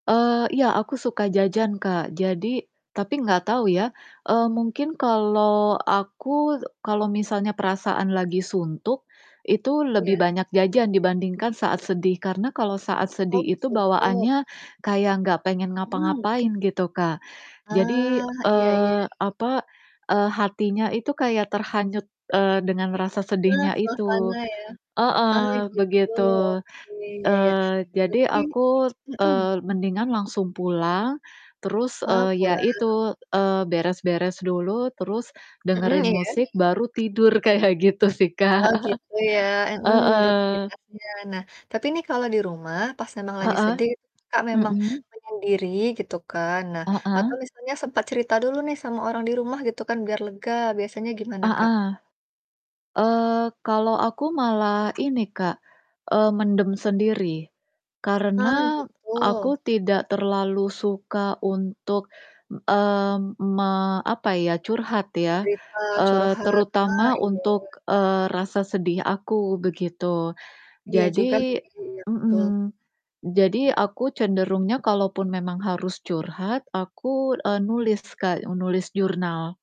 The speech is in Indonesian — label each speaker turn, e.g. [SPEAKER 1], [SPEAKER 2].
[SPEAKER 1] Eee, iya, aku suka jajan, Kak. Jadi tapi gak tau ya, eee, mungkin kalau aku, kalau misalnya perasaan lagi suntuk itu lebih
[SPEAKER 2] Iya?
[SPEAKER 1] banyak jajan dibandingkan saat sedih. Karena kalau saat sedih
[SPEAKER 2] Oh, pas
[SPEAKER 1] itu
[SPEAKER 2] suntuk?
[SPEAKER 1] bawaannya kayak gak pengen
[SPEAKER 2] Mhm.
[SPEAKER 1] ngapa-ngapain gitu, Kak. Jadi,
[SPEAKER 2] Ah, iya iya.
[SPEAKER 1] eee, apa, eee, hatinya itu kayak terhanyut, eee, dengan rasa
[SPEAKER 2] Wah,
[SPEAKER 1] sedihnya
[SPEAKER 2] suasana
[SPEAKER 1] itu.
[SPEAKER 2] ya. Ah,
[SPEAKER 1] Heeh,
[SPEAKER 2] gitu,
[SPEAKER 1] begitu.
[SPEAKER 2] oke, iya iya.
[SPEAKER 1] Eee, jadi
[SPEAKER 2] Berarti
[SPEAKER 1] aku,
[SPEAKER 2] mhm.
[SPEAKER 1] eee, mendingan langsung pulang, terus,
[SPEAKER 2] Ah,
[SPEAKER 1] eee, ya
[SPEAKER 2] pulang.
[SPEAKER 1] itu, eee, beres-beres dulu, terus
[SPEAKER 2] Mhm,
[SPEAKER 1] dengerin
[SPEAKER 2] iya?
[SPEAKER 1] musik, baru tidur, kayak gitu sih, Kak.
[SPEAKER 2] Oh, gitu, ya, heeh,
[SPEAKER 1] Heeh.
[SPEAKER 2] rutinitasnya. Nah, tapi ini kalau di rumah, pas memang lagi
[SPEAKER 1] Heeh,
[SPEAKER 2] sedih, Kakak memang
[SPEAKER 1] mhm.
[SPEAKER 2] menyendiri gitu kan, nah, atau
[SPEAKER 1] Heeh.
[SPEAKER 2] misalnya sempet cerita dulu nih, sama orang di rumah, gitu kan, biar lega, biasanya gimana, Kak?
[SPEAKER 1] Heeh, eee, kalo aku malah ini, Kak, eee, mendem sendiri,
[SPEAKER 2] Ah,
[SPEAKER 1] karena aku
[SPEAKER 2] gitu.
[SPEAKER 1] tidak terlalu suka untuk, eee, me apa ya, curhat ya,
[SPEAKER 2] Cerita,
[SPEAKER 1] eee,
[SPEAKER 2] curhat, ah,
[SPEAKER 1] terutama
[SPEAKER 2] iya.
[SPEAKER 1] untuk, eee, rasa sedih aku, begitu.
[SPEAKER 2] Iya, juga sih,
[SPEAKER 1] Jadi
[SPEAKER 2] iya, betul.
[SPEAKER 1] mhm, jadi aku cenderungnya kalau pun memang harus curhat, aku, eee, nulis, Kak, e nulis jurnal.